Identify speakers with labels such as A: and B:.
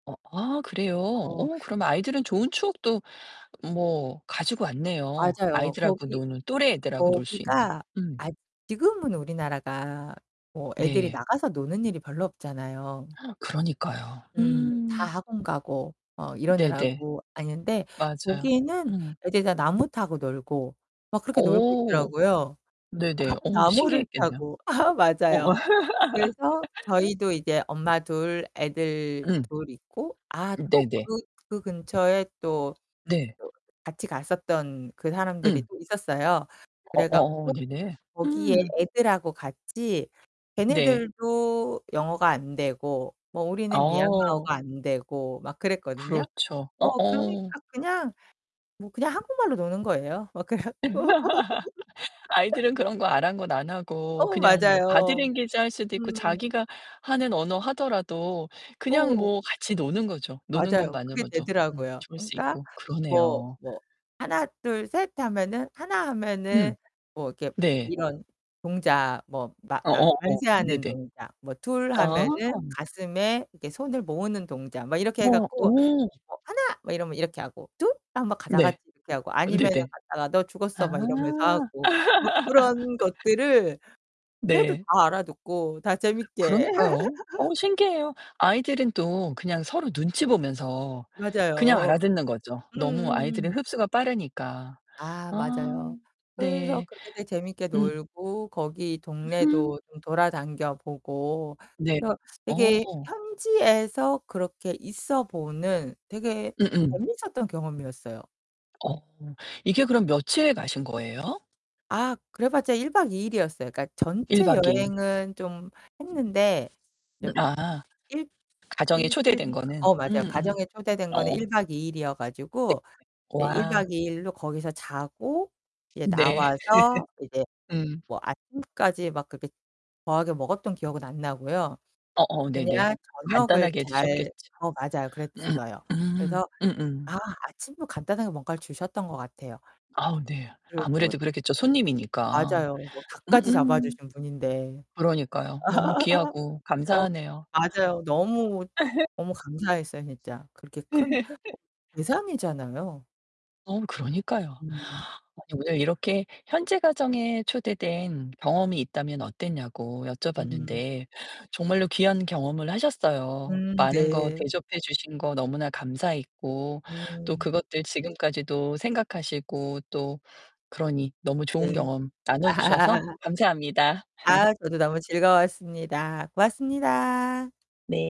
A: 어 아 그래요?
B: 어.
A: 어 그럼 아이들은 좋은 추억도 뭐 가지고 왔네요.
B: 맞아요.
A: 아이들하고
B: 거기
A: 노는, 또래 애들하고 놀 수 있는.
B: 거기가
A: 음.
B: 아 지금은 우리나라가 뭐 애들이
A: 네.
B: 나가서 노는 일이 별로 없잖아요.
A: 그러니까요.
B: 음 다
A: 음.
B: 학원 가고 어
A: 네네.
B: 이러느라고 아니 근데
A: 맞아요.
B: 거기는
A: 음.
B: 애들이 다 나무 타고 놀고 막 그렇게 놀고
A: 어.
B: 있더라고요. 다
A: 네네. 오,
B: 나무를
A: 신기했겠네요.
B: 타고. 아
A: 어.
B: 맞아요. 그래서 저희도 이제 엄마 둘, 애들
A: 음.
B: 둘 있고 아
A: 음
B: 또
A: 네네.
B: 그 그 근처에 또
A: 네.
B: 저 같이 갔었던 그 사람들이
A: 음.
B: 또 있었어요. 그래
A: 어어
B: 갖고
A: 네네.
B: 거기에
A: 음.
B: 애들하고 같이
A: 네.
B: 걔네들도 영어가 안 되고 뭐 우리는
A: 어.
B: 미얀마어가 안 되고 막 그랬거든요.
A: 그렇죠.
B: 어
A: 어어.
B: 그러니까 그냥 뭐 그냥 한국말로 노는 거예요. 막 그래 갖고
A: 아이들은 그런 거 아랑곳 안 하고
B: 어,
A: 그냥 뭐 바디
B: 맞아요.
A: 랭귀지 할 수도 있고
B: 음.
A: 자기가 하는 언어 하더라도 그냥
B: 어.
A: 뭐 같이 노는 거죠. 노는
B: 맞아요. 그게
A: 것만으로도 음
B: 되더라고요.
A: 좋을 수
B: 그러니까
A: 있고
B: 뭐
A: 그러네요.
B: 뭐 "하낫, 둘, 셋." 하면은 "하나." 하면은
A: 음.
B: 뭐 이렇게
A: 네.
B: 이런 동작 뭐 마 만
A: 어어어
B: 만세하는
A: 네네.
B: 동작. 뭐 "둘."
A: 아.
B: 하면은 가슴에 이렇게 손을 모으는 동작. 막 이렇게 해
A: 어
B: 갖고
A: 어.
B: 뭐 "하나." 뭐 이러면 이렇게 하고. "둘." 하면 가
A: 네.
B: 다같이 이렇게 하고 아니면은
A: 네네.
B: 가다가 "너
A: 아.
B: 죽었어." 막 이러면서 하고. 뭐 그런 것들을 해도
A: 네.
B: 다 알아듣고 다 재밌게.
A: 그러니까요. 어 신기해요. 아이들은 또 그냥 서로 눈치 보면서 그냥
B: 맞아요.
A: 알아듣는 거죠. 너무 아이들은
B: 음음음.
A: 흡수가 빠르니까.
B: 아,
A: 아
B: 맞아요. 그래서
A: 네.
B: 그렇게 되게 재밌게
A: 음.
B: 놀고 거기
A: 으흠.
B: 동네도 좀 돌아당겨 보고
A: 네.
B: 그래서
A: 어.
B: 되게 현지에서 그렇게 있어 보는 되게
A: 음음.
B: 재밌었던 경험이었어요.
A: 어 이게 그럼 며칠에 가신 거예요?
B: 아 그래봤자 1 박 2 일이었어요. 그니까
A: 1
B: 전체
A: 박 2 일.
B: 여행은 좀 했는데
A: 음
B: 좀 이
A: 아.
B: 일
A: 가정에 초대된
B: 일주일인가
A: 거는.
B: 어 맞아요.
A: 음음.
B: 가정에 초대된 거는
A: 어.
B: 1 박 2 일이어
A: 네.
B: 가지고 이제 1
A: 와.
B: 박 2 일로 거기서 자고 이제
A: 네.
B: 나와서 이제
A: 음.
B: 뭐 아침까지 막 그렇게 거하게 먹었던 기억은 안 나고요.
A: 어어, 네네.
B: 그냥 저녁을
A: 간단하게
B: 잘
A: 드셨겠죠.
B: 어 맞아요
A: 음
B: 그랬어요.
A: 음.
B: 그래서
A: 음음.
B: 아 아침도 간단하게 뭔가를 주셨던 것 같아요.
A: 아우, 네.
B: 그리고
A: 아무래도 그랬겠죠, 손님이니까.
B: 맞아요. 뭐 닭까지
A: 음음.
B: 잡아주신 분인데.
A: 그러니까요. 너무 귀하고
B: 어
A: 감사하네요.
B: 맞아요. 너무, 너무 감사했어요, 진짜. 그렇게 큰 [unintelligible] 상이잖아요.
A: 어, 그러니까요.
B: 음.
A: 아니 오늘 이렇게 현재 가정에 초대된 경험이 있다면 어땠냐고
B: 음.
A: 여쭤봤는데, 정말로 귀한 경험을 하셨어요.
B: 음
A: 많은 거
B: 네.
A: 대접해 주신 거 너무나 감사했고, 또
B: 음.
A: 그것들 지금까지도 생각하시고 또 그러니 너무 좋은
B: 네.
A: 경험 나눠 주셔서 감사합니다.
B: 아, 저도 너무 즐거웠습니다. 고맙습니다.
A: 네.